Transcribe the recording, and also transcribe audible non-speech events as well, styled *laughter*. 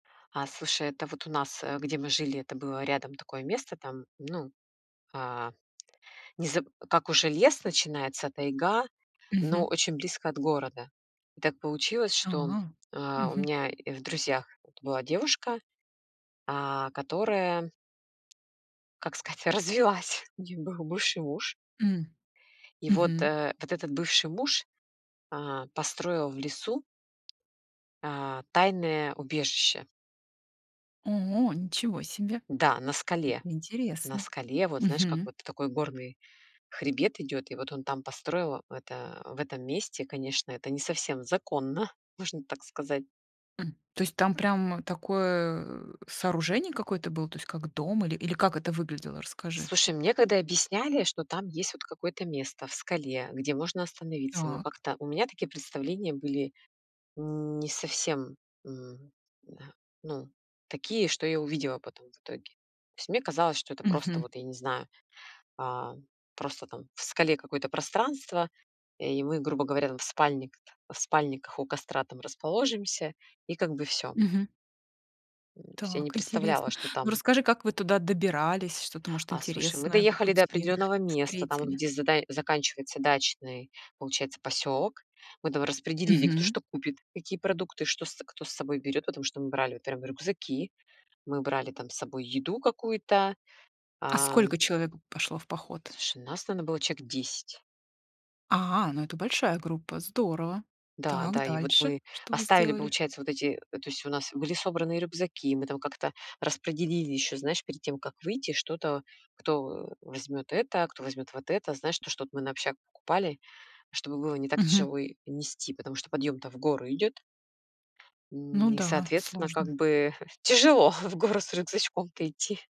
А, слушай, это вот у нас, э, где мы жили, это было рядом такое место, там, ну, а, незаб как уже лес начинается, тайга, но Мгм. очень близко от города. И так получилось, А, что, э, у мгм. меня и в друзьях была девушка, а, которая, как сказать, развелась. У неё был бывший муж. М, И вот, мгм. э, вот этот бывший муж, э, построил в лесу, а, тайное убежище. О, ничего себе. Да, на Это скале. На интересно. скале, вот, знаешь, как Мгм. вот такой горный хребет идёт, и вот он там построил это, в этом месте, конечно, это не совсем законно, можно так сказать. М, то есть там прям, э, такое, э, сооружение какое-то было, то есть как дом или или как это выглядело, расскажи? Слушай, мне когда объясняли, что там есть вот какое-то место в скале, где можно остановиться, но Так. как-то у меня такие представления были н не совсем, мгм, да, ну, такие, что я увидела потом в итоге. То есть мне казалось, что это просто, Мгм. вот, я не знаю, а, просто там в скале какое-то пространство, э, и мы, грубо говоря, там в спальникт в спальниках у костра там расположимся, и как бы всё. Мгм. Ну, то есть я не Так представляла, интересно. что Ну, там. расскажи, как вы туда добирались, что-то, может, А, слушай, мы интересное по доехали до пути определённого места, там вот, встретили? где задач заканчивается дачный, получается, посёлок. Мы там распределили, кто Мгм. что купит, какие продукты, что с кто с собой берёт, потому что мы брали, вот прям, рюкзаки, мы брали там с собой еду какую-то, А а сколько человек пошло в поход? Слушай, нас там, на было человек 10. А, ну, это большая группа, здорово! Да, Так, да, и вот дальше. мы Что вы оставили, сделали? получается, вот эти э, то есть у нас были собранные рюкзаки, мы там как-то распределили ещё, знаешь, перед тем, как выйти, что-то, кто, э, возьмёт это, кто возьмёт вот это, знаешь, то, что от мы на общак покупали, чтобы было не так Мгм. тяжело и нести, потому что подъём-то в горы идёт Ну нь и, да, соответственно, как сложно. бы *chuckles* тяжело в горы с рюкзачком-то идти.